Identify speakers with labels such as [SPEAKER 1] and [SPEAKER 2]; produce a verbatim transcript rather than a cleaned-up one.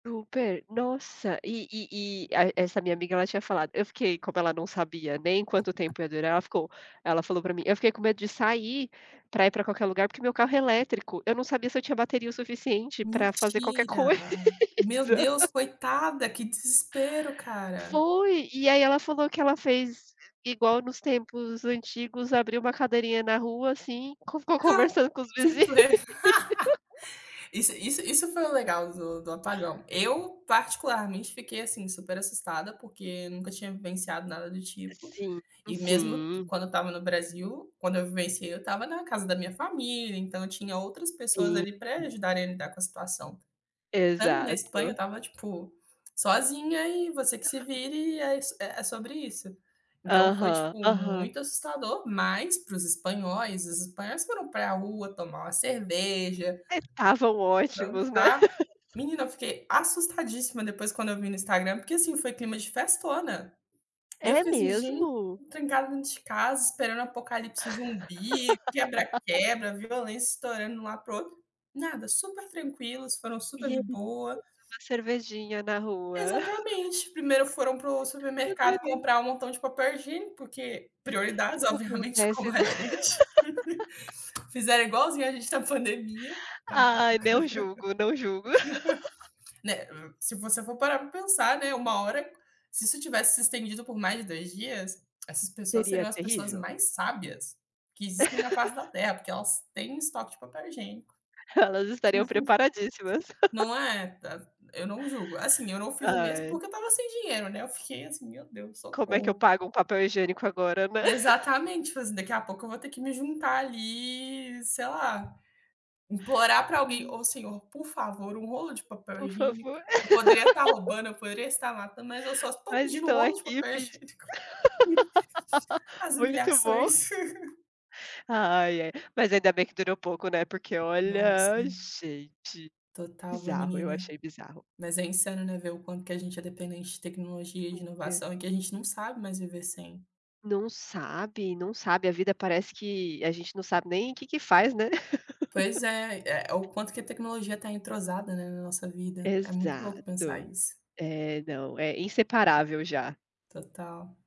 [SPEAKER 1] Super! Nossa, e e e a essa minha amiga, ela tinha falado eu fiquei como ela não sabia nem quanto tempo ia durar, ela ficou ela falou pra mim: “Eu fiquei com medo de sair pra ir pra qualquer lugar, porque meu carro é elétrico. Eu não sabia se eu tinha bateria o suficiente pra fazer qualquer
[SPEAKER 2] Mentira!
[SPEAKER 1] coisa".
[SPEAKER 2] Meu Deus, coitada. Que desespero, cara.
[SPEAKER 1] Foi! E aí ela falou que ela fez igual nos tempos antigos: abriu uma cadeirinha na rua, assim, co ficou
[SPEAKER 2] Ah,
[SPEAKER 1] conversando com os
[SPEAKER 2] que
[SPEAKER 1] vizinho.
[SPEAKER 2] pre? Isso isso isso foi o legal do do apagão. Eu, particularmente, fiquei, assim, super assustada, porque nunca tinha vivenciado nada do tipo.
[SPEAKER 1] Sim,
[SPEAKER 2] E, mesmo t
[SPEAKER 1] sim.
[SPEAKER 2] quando eu estava no Brasil, quando eu vivenciei, eu estava na casa da minha família. Então eu tinha outras pessoas
[SPEAKER 1] Sim.
[SPEAKER 2] ali pra ajudarem a lidar com a situação. Estando na Espanha, eu
[SPEAKER 1] Exato.
[SPEAKER 2] estava, tipo, sozinha e você que se vire. É is é sobre isso. Então foi,
[SPEAKER 1] Aham,
[SPEAKER 2] tipo,
[SPEAKER 1] aham.
[SPEAKER 2] muito assustador. Mas, para os espanhóis os espanhóis foram pra rua tomar uma cerveja,
[SPEAKER 1] É, estavam ótimos, né.
[SPEAKER 2] dançar. Menina, eu fiquei assustadíssima depois, quando eu vi no Instagram, porque, assim, foi clima de festona. E eu
[SPEAKER 1] É
[SPEAKER 2] fiquei, assim: “Gente,
[SPEAKER 1] mesmo?
[SPEAKER 2] fiquei trancada dentro de casa esperando apocalipse zumbi, quebra-quebra, violência estourando lá para o outro”. Nada. Super tranquilos. Foram
[SPEAKER 1] E
[SPEAKER 2] super de
[SPEAKER 1] eles [unintelligible]
[SPEAKER 2] boa.
[SPEAKER 1] toma cervejinha na rua.
[SPEAKER 2] Exatamente. Primeiro, foram pro supermercado
[SPEAKER 1] Adorei.
[SPEAKER 2] comprar um montão de papel higiênico, porque prioridades,
[SPEAKER 1] Que que
[SPEAKER 2] obviamente,
[SPEAKER 1] acontece,
[SPEAKER 2] como a
[SPEAKER 1] né.
[SPEAKER 2] gente. Fizeram igualzinho à gente na pandemia, acabaram.
[SPEAKER 1] Ai, não julgo, não julgo.
[SPEAKER 2] Né, se você for parar pra pensar, né, uma hora, se isso tivesse se estendido por mais de dois dias, essas pessoas
[SPEAKER 1] Seria
[SPEAKER 2] seriam as pessoas
[SPEAKER 1] terrível.
[SPEAKER 2] mais sábias que existem na face da Terra, porque elas têm estoque de papel higiênico.
[SPEAKER 1] Elas estariam preparadíssimas.
[SPEAKER 2] Não é? Tá c eu não julgo. Assim, eu não fiz o mesmo,
[SPEAKER 1] Ai.
[SPEAKER 2] porque eu estava sem dinheiro, né. Eu fiquei, assim: “Meu Deus,
[SPEAKER 1] Como é que eu
[SPEAKER 2] socorro!”.
[SPEAKER 1] pago um papel higiênico agora, né?
[SPEAKER 2] Exatamente, falei assim: "Daqui a pouco eu vou ter que me juntar ali, sei lá, implorar pra alguém:
[SPEAKER 1] Sim.
[SPEAKER 2] 'Ô senhor, por favor, um rolo de papel
[SPEAKER 1] Por
[SPEAKER 2] higiênico'.
[SPEAKER 1] favor.
[SPEAKER 2] Eu poderia tá roubando, eu poderia estar matando, mas eu só estou
[SPEAKER 1] Mas
[SPEAKER 2] pedindo um
[SPEAKER 1] estou
[SPEAKER 2] rolo de
[SPEAKER 1] aqui
[SPEAKER 2] papel
[SPEAKER 1] pedindo.
[SPEAKER 2] higiênico." As
[SPEAKER 1] Muito bom.
[SPEAKER 2] humilhações.
[SPEAKER 1] Ai, ai, mas ainda bem que durou pouco, né, porque olha,
[SPEAKER 2] Nossa!
[SPEAKER 1] gente,
[SPEAKER 2] Total, viu,
[SPEAKER 1] bizarro. Eu
[SPEAKER 2] menina,
[SPEAKER 1] achei bizarro.
[SPEAKER 2] mas é insano, né, ver o quanto que a gente é dependente de tecnologia e de
[SPEAKER 1] Super.
[SPEAKER 2] inovação e que a gente não sabe mais viver sem.
[SPEAKER 1] Não sabe, não sabe. A vida parece que a gente não sabe nem o que que faz, né.
[SPEAKER 2] Pois é, é o quanto que a tecnologia tá entrosada, né, na nossa vida. É muito louco pensar
[SPEAKER 1] Exato.
[SPEAKER 2] isso.
[SPEAKER 1] É, não. É inseparável já.
[SPEAKER 2] Total.